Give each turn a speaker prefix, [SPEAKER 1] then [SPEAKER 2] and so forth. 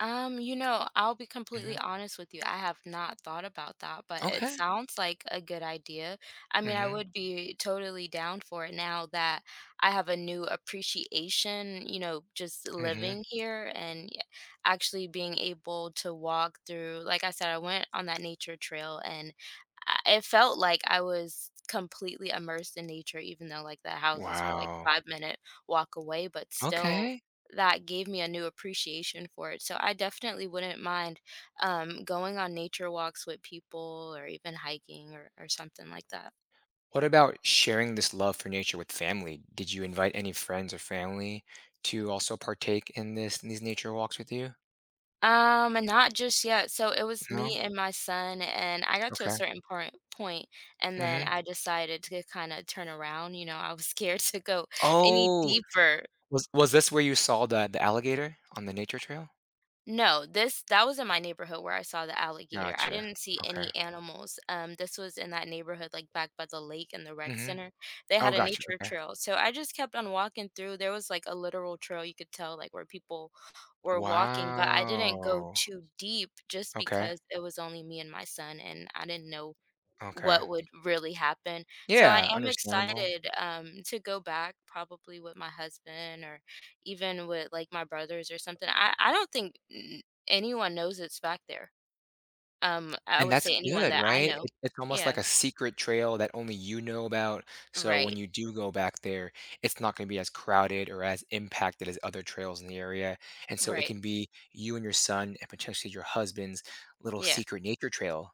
[SPEAKER 1] Um, you know, I'll be completely
[SPEAKER 2] Mhm.
[SPEAKER 1] honest with you, I have not thought about that, but it
[SPEAKER 2] Okay.
[SPEAKER 1] sounds like a good idea, I mean, I
[SPEAKER 2] Mhm.
[SPEAKER 1] would be totally down for it now that I have a new appreciation, you know, just
[SPEAKER 2] Mhm.
[SPEAKER 1] living here and y actually being able to walk through like I said, I went on that nature trail, and I it felt like I was completely immersed in nature even though, like, the houses were, like,
[SPEAKER 2] Wow.
[SPEAKER 1] 5 minute walk away, but still
[SPEAKER 2] Okay.
[SPEAKER 1] that gave me a new appreciation for it, so I definitely wouldn't mind, um, going on nature walks with people or even hiking or or something like that.
[SPEAKER 2] What about sharing this love for nature with family? Did you invite any friends or family to also partake in this in these nature walks with you?
[SPEAKER 1] Um, not just yet, so it was me
[SPEAKER 2] No?
[SPEAKER 1] and my son, and I got to a
[SPEAKER 2] Okay.
[SPEAKER 1] certain poirnt point, and then
[SPEAKER 2] Mhm.
[SPEAKER 1] I decided to g kinda turn around, you know, I was scared to go any
[SPEAKER 2] Oh.
[SPEAKER 1] deeper.
[SPEAKER 2] Was was this where you saw the the alligator on the nature trail?
[SPEAKER 1] No, this that was in my neighborhood where I saw the alligator, I
[SPEAKER 2] Gotcha,
[SPEAKER 1] didn't see
[SPEAKER 2] okay.
[SPEAKER 1] any animals, um, this was in that neighborhood, like, back by the lake in the rec
[SPEAKER 2] Mhm.
[SPEAKER 1] center, they
[SPEAKER 2] Oh,
[SPEAKER 1] had a
[SPEAKER 2] gotcha,
[SPEAKER 1] nature
[SPEAKER 2] okay.
[SPEAKER 1] trail, so I just kept on walking through, there was, like, a literal trail, you could tell, like, where people were walking, but I didn't go
[SPEAKER 2] Wow.
[SPEAKER 1] too deep just
[SPEAKER 2] Okay.
[SPEAKER 1] because it was only me and my son, and I didn't know
[SPEAKER 2] Okay.
[SPEAKER 1] what would really happen, so I
[SPEAKER 2] Yeah,
[SPEAKER 1] am
[SPEAKER 2] understandable.
[SPEAKER 1] excited, um, to go back probably with my husband or even with, like, my brothers or something, I I don't think n anyone knows it's back there. Um, I
[SPEAKER 2] And
[SPEAKER 1] would
[SPEAKER 2] that's
[SPEAKER 1] say anyone
[SPEAKER 2] good,
[SPEAKER 1] that I
[SPEAKER 2] right?
[SPEAKER 1] know.
[SPEAKER 2] It it's almost like
[SPEAKER 1] Yeah.
[SPEAKER 2] a secret trail that only you know about, so when
[SPEAKER 1] Right.
[SPEAKER 2] you do go back there, it's not gonna be as crowded or as impacted as other trails in the area, and so it
[SPEAKER 1] Right.
[SPEAKER 2] can be you and your son, and potentially your husband's, little
[SPEAKER 1] Yeah.
[SPEAKER 2] secret nature trail.